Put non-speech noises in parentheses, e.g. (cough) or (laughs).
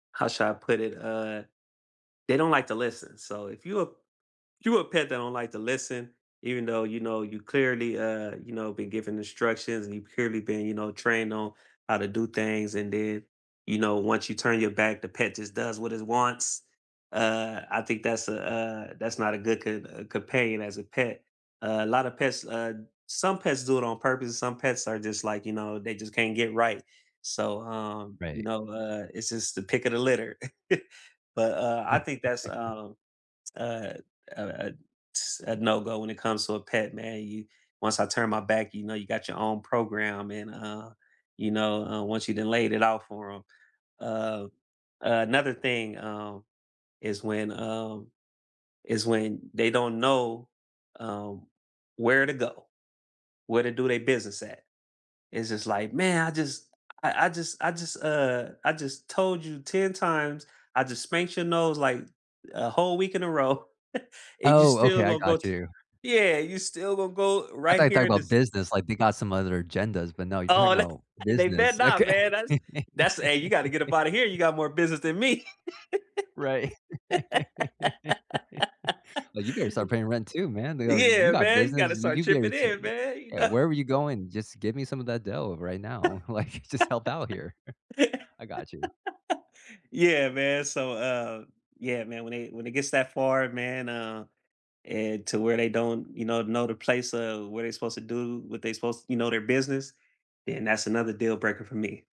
How should I put it? Uh, they don't like to listen. So if you a you a pet that don't like to listen, even though, you know, you clearly, uh, you know, been giving instructions and you've clearly been, you know, trained on how to do things, and then, you know, once you turn your back, the pet just does what it wants? Uh, I think that's a, uh, that's not a good co uh companion as a pet. Uh, lotta pets, uh some pets do it on purpose; some pets are just, like, you know, they just can't get right. So, um, you Right. know, uh, it's just the pick of the litter. (chuckles) But, uh, I Righ think that's, (chuckles) um, uh, uh uh ts a no go when it comes to a pet, man, you once I turn my back, you know, you got your own program and, uh, you know, uh, once you done laid it out for 'em. Uh, uh, another thing, um, is when, um is when they don't know, um, where to go, where to do they business at. It's just like, "Man, I just I I just I just uh, I just told you 10 times. I just spanked your nose like a whole week in a row, (chuckles) and you Oh, still okay. I gone go t got you. Yeah, you still gone go I thought right you talked here in about this" business, like, they got some other agendas, but, no, you're talking Oh, about (unintelligible) and they better business. not, Okay. man. That's (laughs) that's hey, you gotta get up out of here, you got more business than me. Right. (laughs) "Oh, you (laughs) better start paying rent too, man. They all" You Yeah, got man, you business. gotta Y start you better chipping tell. in, (unintelligible) man you Eh, kno wherever you going, just give me some of that dough right now, like, just help out here. (laughs) I gotchu." Yeah, man. So, uh, yeah, man, when it when it gets that far, man, uh, and to where they don't, you know, know the place of where they're supposed to do, what they supposed you know, their business, then that's another deal breaker for me.